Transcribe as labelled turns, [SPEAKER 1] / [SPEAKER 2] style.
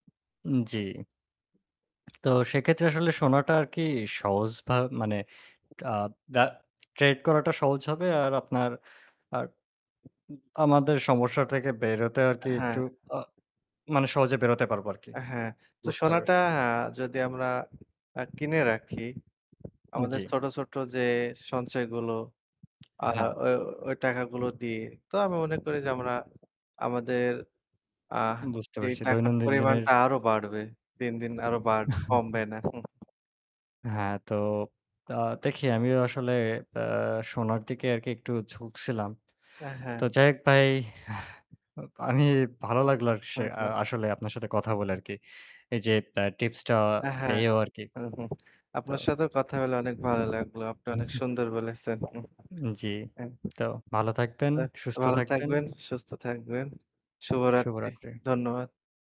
[SPEAKER 1] উম জি। তো সেক্ষেত্রে আসলে সোনাটা কি আর কি সহজভা মানে আ বা trade করাটা সহজ হবে। আর আপনার আ ই আমাদের সমস্যা থেকে বেরোতে
[SPEAKER 2] আ
[SPEAKER 1] আরকি একটু
[SPEAKER 2] হ্যাঁ।
[SPEAKER 1] আ মানে সহজে বেরোতে পারবো আরকি।
[SPEAKER 2] হ্যাঁ, তো
[SPEAKER 1] বুঝতে
[SPEAKER 2] সোনাটা
[SPEAKER 1] পারছি।
[SPEAKER 2] হ্যাঁ যদি আমরা আ কিনে রাখি
[SPEAKER 1] উ
[SPEAKER 2] আমাদের
[SPEAKER 1] জি।
[SPEAKER 2] ছোট, ছোট যে সঞ্চয়গুলো। আ
[SPEAKER 1] আ হ্যাঁ।
[SPEAKER 2] ওই, ওই টাকাগুলো দিয়ে তো আমি মনে করি যে আমরা, আমাদের আ
[SPEAKER 1] বুঝতে
[SPEAKER 2] এই
[SPEAKER 1] পারছি।
[SPEAKER 2] টাকার
[SPEAKER 1] দৈনন্দিন দিনের
[SPEAKER 2] পরিমাণটা আরও বাড়বে। দিন, দিন আরো বাড়বে কমবে না। হু, হু।
[SPEAKER 1] হ্যাঁ, তো আ দেখি আমিও আসলে আ সোনার দিকে আরকি একটু ঝুঁকছিলাম।
[SPEAKER 2] আ হ্যাঁ।
[SPEAKER 1] তো যাই হোক ভাই। আমি ভালো লাগলো আস
[SPEAKER 2] হু, হু।
[SPEAKER 1] আসলে আপনার সাথে কথা বলে আরকি। এই যে টা টিপস টা
[SPEAKER 2] আ হ্যাঁ।
[SPEAKER 1] পেয়েও আরকি।
[SPEAKER 2] হু, হু।
[SPEAKER 1] তো
[SPEAKER 2] আপনার সাথেও কথা বলে অনেক ভালো লাগলো। আপনি
[SPEAKER 1] হুম
[SPEAKER 2] অনেক সুন্দর বলেছেন।
[SPEAKER 1] উম জি।
[SPEAKER 2] হু,
[SPEAKER 1] তো ভালো থাকবেন,
[SPEAKER 2] তো
[SPEAKER 1] সুস্থ
[SPEAKER 2] ভালো
[SPEAKER 1] থাকবেন।
[SPEAKER 2] থাকবেন, সুস্থ থাকবেন। শুভরাত্রি।
[SPEAKER 1] শুভরাত্রি।
[SPEAKER 2] ধন্যবাদ।